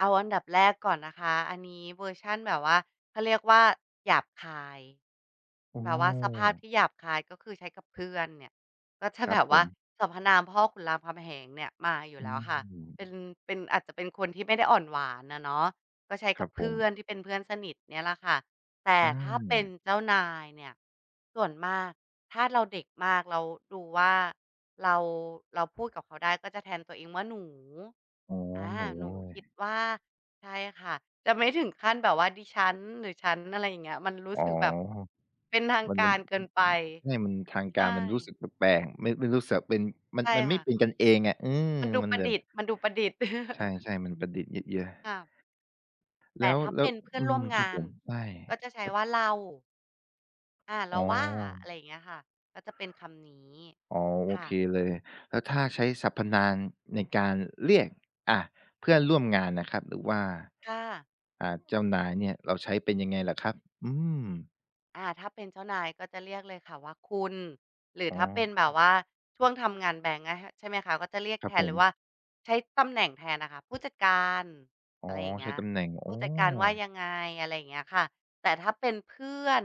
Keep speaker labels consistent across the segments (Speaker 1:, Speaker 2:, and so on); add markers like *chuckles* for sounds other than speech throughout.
Speaker 1: เอาอันดับแรกก่อนนะคะ อันนี้เวอร์ชันแบบว่า เขาเรียกว่า หยาบคาย
Speaker 2: โอ
Speaker 1: แบบว่าสภาพ
Speaker 2: ้
Speaker 1: ที่หยาบคาย ก็คือใช้กับเพื่อนเนี่ย ก็จะ
Speaker 2: คร
Speaker 1: แ
Speaker 2: ั
Speaker 1: บ
Speaker 2: บ
Speaker 1: บ
Speaker 2: ผ
Speaker 1: ว่า
Speaker 2: ม
Speaker 1: สรรพนามพ่อขุนรามคำแหงเนี่ยมาอยู่
Speaker 2: อื
Speaker 1: แล้วค่ะ เป็
Speaker 2: ม
Speaker 1: น เป็น อาจจะเป็นคนที่ไม่ได้อ่อนหวานอะเนาะ ก็ใช้
Speaker 2: ค
Speaker 1: ก
Speaker 2: ร
Speaker 1: ั
Speaker 2: ั
Speaker 1: บ
Speaker 2: บ
Speaker 1: เ
Speaker 2: ผ
Speaker 1: พื
Speaker 2: ม
Speaker 1: ่อนที่เป็นเพื่อนสนิทเนี่ยแหละค่ะ แต่
Speaker 2: อ
Speaker 1: ถ้าเป็น
Speaker 2: า
Speaker 1: เจ้านายเนี่ย ส่วนมาก ถ้าเราเด็กมาก แล้วดูว่า เรา เราพูดกับเขาได้ก็จะแทนตัวเองว่า หนู
Speaker 2: อ๋อ
Speaker 1: อา
Speaker 2: หนู
Speaker 1: หนู
Speaker 2: ด้ว
Speaker 1: คิด
Speaker 2: ย
Speaker 1: ว่า ใช่ค่ะ จะไม่ถึงขั้น แบบว่าดิฉัน หรือฉัน อะไรอย่างเงี้ย มันรู้
Speaker 2: อ๋อ
Speaker 1: สึกแบบเป็นทาง
Speaker 2: มัน
Speaker 1: ก
Speaker 2: มั
Speaker 1: า
Speaker 2: น
Speaker 1: รเกินไป
Speaker 2: ใช่ มันทาง
Speaker 1: ใ
Speaker 2: ก
Speaker 1: ช
Speaker 2: ารมันรู้ส
Speaker 1: ่
Speaker 2: ึกแปลก ๆ ไม่ ไม่รู้สึกว่า เป็น มัน
Speaker 1: ใช่
Speaker 2: มันไม
Speaker 1: ค
Speaker 2: ่
Speaker 1: ่ะ
Speaker 2: เป็นกันเองอะ อืม
Speaker 1: มันดู
Speaker 2: มัน
Speaker 1: ประ
Speaker 2: แบ
Speaker 1: ด
Speaker 2: บ
Speaker 1: ิษฐ์ มันดูประดิษฐ์
Speaker 2: ใ
Speaker 1: *chuckles*
Speaker 2: ช่ ๆ มันประดิษฐ์ยืดเยื้อ
Speaker 1: ค่ะ แ
Speaker 2: แ
Speaker 1: ต
Speaker 2: ล
Speaker 1: ่
Speaker 2: ้ว
Speaker 1: ถ้า
Speaker 2: แล
Speaker 1: เป
Speaker 2: ้
Speaker 1: ็
Speaker 2: ว
Speaker 1: นเพื่อ
Speaker 2: อ
Speaker 1: น
Speaker 2: ื
Speaker 1: ร่ว
Speaker 2: ม
Speaker 1: มง
Speaker 2: ครับ
Speaker 1: า
Speaker 2: ผ
Speaker 1: น
Speaker 2: ม ใช่
Speaker 1: ก็จะใช้
Speaker 2: ครับ
Speaker 1: ว่าเรา อา เ
Speaker 2: อ
Speaker 1: ร
Speaker 2: ๋
Speaker 1: า
Speaker 2: อ
Speaker 1: ว่า อะไรอย่างเงี้ยค่ะ ก็จะเป็นคำนี้
Speaker 2: อ๋อ โอ
Speaker 1: ค่
Speaker 2: เค
Speaker 1: ะ
Speaker 2: เลย แล้วถ้าใช้สรรพนาม ในการเรียก อะ เพื่อนร่วมงานนะครับ หรือว่า
Speaker 1: ค่ะ
Speaker 2: อ่า เจ้านายเนี่ยเราใช้เป็นยังไงเหรอครับ? อืม
Speaker 1: อ่า ถ้าเป็นเจ้านาย ก็จะเรียกเลยค่ะว่า "คุณ" หรื
Speaker 2: อ
Speaker 1: อ
Speaker 2: ๋
Speaker 1: ถ้าเป็นแบบ
Speaker 2: อ
Speaker 1: ว่าช่วงทำงานแบงก์อะค่ะ ใช่ไหมคะ? ก็จะเรียก
Speaker 2: คร
Speaker 1: แ
Speaker 2: ั
Speaker 1: ท
Speaker 2: บผ
Speaker 1: นเลยว
Speaker 2: ม
Speaker 1: ่า ใช้ตำแหน่งแทนน่ะค่ะ ผู้จัดการ
Speaker 2: อ๋
Speaker 1: อ
Speaker 2: อ
Speaker 1: ะไรอย่างเง
Speaker 2: ใ
Speaker 1: ี
Speaker 2: ช้
Speaker 1: ้ย
Speaker 2: ตำแหน่ง อ
Speaker 1: ผ
Speaker 2: ๋
Speaker 1: ู
Speaker 2: อ
Speaker 1: ้จัดการว่ายังไง อะไรอย่างเงี้ยค่ะ แต่ถ้าเป็นเพื่อน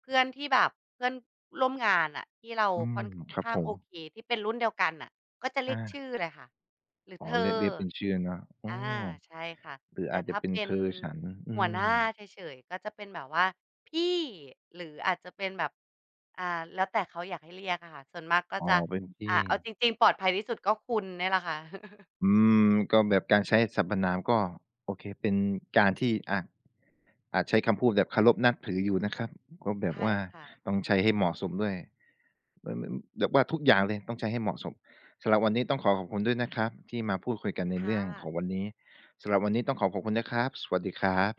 Speaker 1: เพื่อนที่แบบ เพื่อนร่วมงานน่ะ ที่เรา
Speaker 2: อื
Speaker 1: ค
Speaker 2: ม
Speaker 1: ่อน
Speaker 2: ครั
Speaker 1: ข
Speaker 2: บ
Speaker 1: ้า
Speaker 2: ผ
Speaker 1: งโอ
Speaker 2: ม
Speaker 1: เค ที่เป็นรุ่นเดียวกันน่ะ ก็จะเรี
Speaker 2: อ
Speaker 1: ยกช
Speaker 2: า
Speaker 1: ื่อเลยค่ะ หรือ
Speaker 2: อ๋อ
Speaker 1: เธอ
Speaker 2: เรียก เรียกเป็นชื่ออะเนาะ อ๋
Speaker 1: อ
Speaker 2: อ
Speaker 1: า ใช่ค่ะ
Speaker 2: หรือ
Speaker 1: แต
Speaker 2: อ
Speaker 1: ่
Speaker 2: าจจ
Speaker 1: ถ
Speaker 2: ะ
Speaker 1: ้า
Speaker 2: เป็น
Speaker 1: เป็
Speaker 2: เธ
Speaker 1: น
Speaker 2: อ ฉัน อ
Speaker 1: ห
Speaker 2: ื
Speaker 1: ัวหน้
Speaker 2: ม
Speaker 1: าเฉย ๆ ก็จะเป็นแบบว่าพี่ หรืออาจจะเป็นแบบ อา แล้วแต่เขาอยากให้เรียกอะค่ะ ส่วนมากก็
Speaker 2: อ๋อ
Speaker 1: จะ
Speaker 2: เป็นพี่
Speaker 1: อ่า เอาจริง ๆ ปลอดภัยที่สุดก็คุณเนี่ยแหละค่ะ *chuckles*
Speaker 2: อืม ก็แบบการใช้สรรพนาม ก็ โอเค เป็นการที่ อะ อาจใช้คำพูดแบบเคารพนับถืออยู่นะครับ ก็แบ
Speaker 1: ใช
Speaker 2: บ
Speaker 1: ่
Speaker 2: ว่า
Speaker 1: ค่ะ
Speaker 2: ต้องใช้ให้เหมาะสมด้วย มัน มัน แบบว่าทุกอย่างเลยต้องใช้ให้เหมาะสม สำหรับวันนี้ต้องขอขอบคุณด้วยนะครับ ที่มาพูดคุยกันใน
Speaker 1: ค
Speaker 2: เ
Speaker 1: ่
Speaker 2: รื่อง
Speaker 1: ะ
Speaker 2: ของวันนี้ สำหรับวันนี้ต้องขอขอบคุณนะครับ สวัสดีครับ